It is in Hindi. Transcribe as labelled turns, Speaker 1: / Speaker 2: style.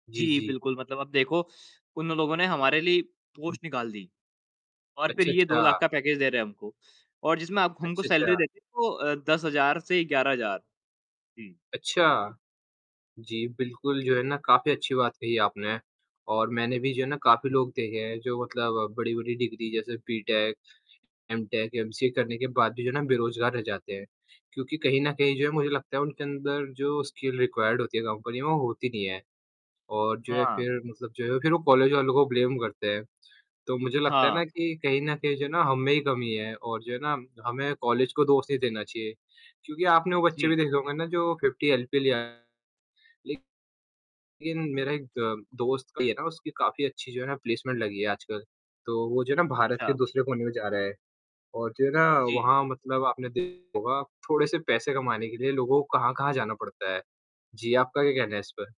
Speaker 1: जी,
Speaker 2: जी,
Speaker 1: जी।
Speaker 2: बिल्कुल। मतलब अब देखो उन लोगों ने हमारे लिए पोस्ट निकाल दी और फिर
Speaker 1: अच्छा,
Speaker 2: ये 2
Speaker 1: अच्छा।
Speaker 2: लाख का पैकेज दे रहे हैं हमको और जिसमें आप हमको
Speaker 1: अच्छा,
Speaker 2: सैलरी
Speaker 1: अच्छा।
Speaker 2: देते हैं वो अ, 10000 से 11000। जी।
Speaker 1: अच्छा। जी बिल्कुल, जो है ना काफ़ी अच्छी बात कही आपने और मैंने भी जो है ना काफ़ी लोग देखे हैं जो मतलब बड़ी-बड़ी डिग्री जैसे बीटेक, एमटेक, एमसीए करने के बाद भी जो है ना बेरोज़गार रह जाते हैं क्योंकि कहीं न कहीं जो है मुझे लगता है उनके अंदर जो स्किल रिक्वायर्ड होती है कंपनी में होती नहीं है और जो है
Speaker 2: हाँ।
Speaker 1: फिर मतलब जो है फिर वो कॉलेज वालों को ब्लेम करते हैं, तो मुझे लगता है
Speaker 2: हाँ।
Speaker 1: ना कि कहीं न कहीं जो है ना हम में ही कमी है और जो है ना हमें कॉलेज को दोष नहीं देना चाहिए क्योंकि आपने
Speaker 2: अ,
Speaker 1: वो बच्चे भी
Speaker 2: जी।
Speaker 1: देखे होंगे ना जो 50 एलपीए ले आया, लेकिन मेरा एक द दोस्त की है ना उसकी काफ़ी अच्छी जो है ना प्लेसमेंट लगी है आजकल। तो वो जो है ना भारत के
Speaker 2: अच्छा।
Speaker 1: दूसरे कोने में जा रहा है और जो है ना
Speaker 2: जी।
Speaker 1: वहाँ मतलब आपने देखा होगा थोड़े से पैसे कमाने के लिए लोगों को कहाँ-कहाँ जाना पड़ता है। जी, आपका क्या कहना है इस पर?